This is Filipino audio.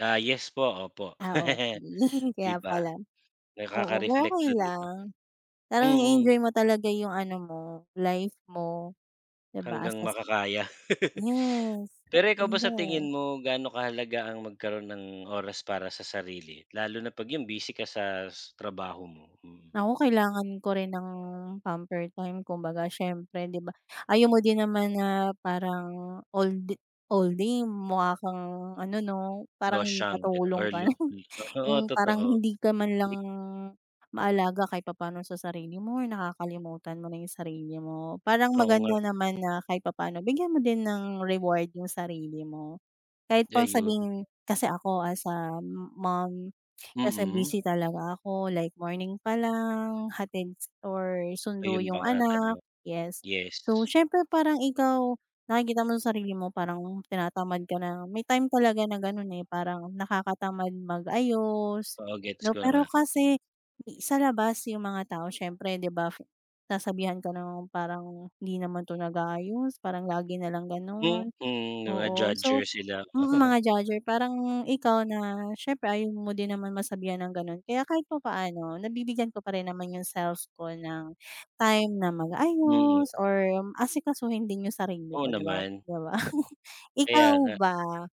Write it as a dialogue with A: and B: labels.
A: Ah, yes po, opo.
B: Ah, okey.
A: 'Di
B: Kaya
A: ba?
B: pala. Oo, pero
A: Nakaka-reflect
B: okey
A: dun, 'di ba?
B: lang. Parang
A: Mm.
B: i-enjoy mo talaga yung ano mo, life mo, 'di ba? As
A: Hanggang
B: as that.
A: makakaya.
B: Yes,
A: Pero ikaw ba, sa
B: punda.
A: tingin mo, gaano kahalaga ang magkaroon ng oras para sa sarili? Lalo na 'pag yung, busy ka sa trabaho mo? Mm.
B: Ako, kailangan ko rin ng pamper time. Kumbaga, siyempre, 'di ba, ayaw mo din naman na parang all d all day mukha kang ano 'no? Parang
A: Losyang ganun
B: katulong
A: or
B: ka
A: lo
B: na.
A: mm. Oo,
B: Yung parang
A: totoo.
B: hindi ka man
A: M
B: lang maalaga kahit papaano sa sarili mo or nakakalimutan mo na yung sarili mo. Parang
A: Oo nga.
B: maganda naman na kahit papaano bigyan mo din ng reward yung sarili mo. Kahit pang
A: Ayun.
B: sabihin kasi ako as a mom, kasi
A: Mm.
B: busy talaga ako like, morning pa lang, hatid s or sundo
A: Ayun pa
B: yung
A: nga
B: anak
A: talaga,
B: yes. So,
A: yes.
B: siyempre, parang ikaw, nakikita mo sa sarili mo parang tinatamad ka na. May time talaga na ganun eh, parang nakakatamad mag-ayos,
A: Oo, gets
B: 'no?
A: ko na
B: Pero
A: nga. Mm.
B: kasi sa labas, yung mga tao, siyempre, 'di ba, sasabihan ka ng parang, "Hindi naman 'to nag-aayos, parang lagi nalang
A: Mm,
B: ganun."
A: 'di ba
B: Oo. So
A: judger sila?
B: mm, mga judger. Parang ikaw na siyempre, ayaw mo din naman masabihan ng gano'n kaya kahit papaano nabibigyan ko pa rin naman yung self ko ng time na
A: Mm.
B: mag-ayos or asikasuhin din yung sarili
A: Oo
B: ko, 'di ba
A: naman.
B: di ba? Ikaw
A: Kaya nga.
B: ba?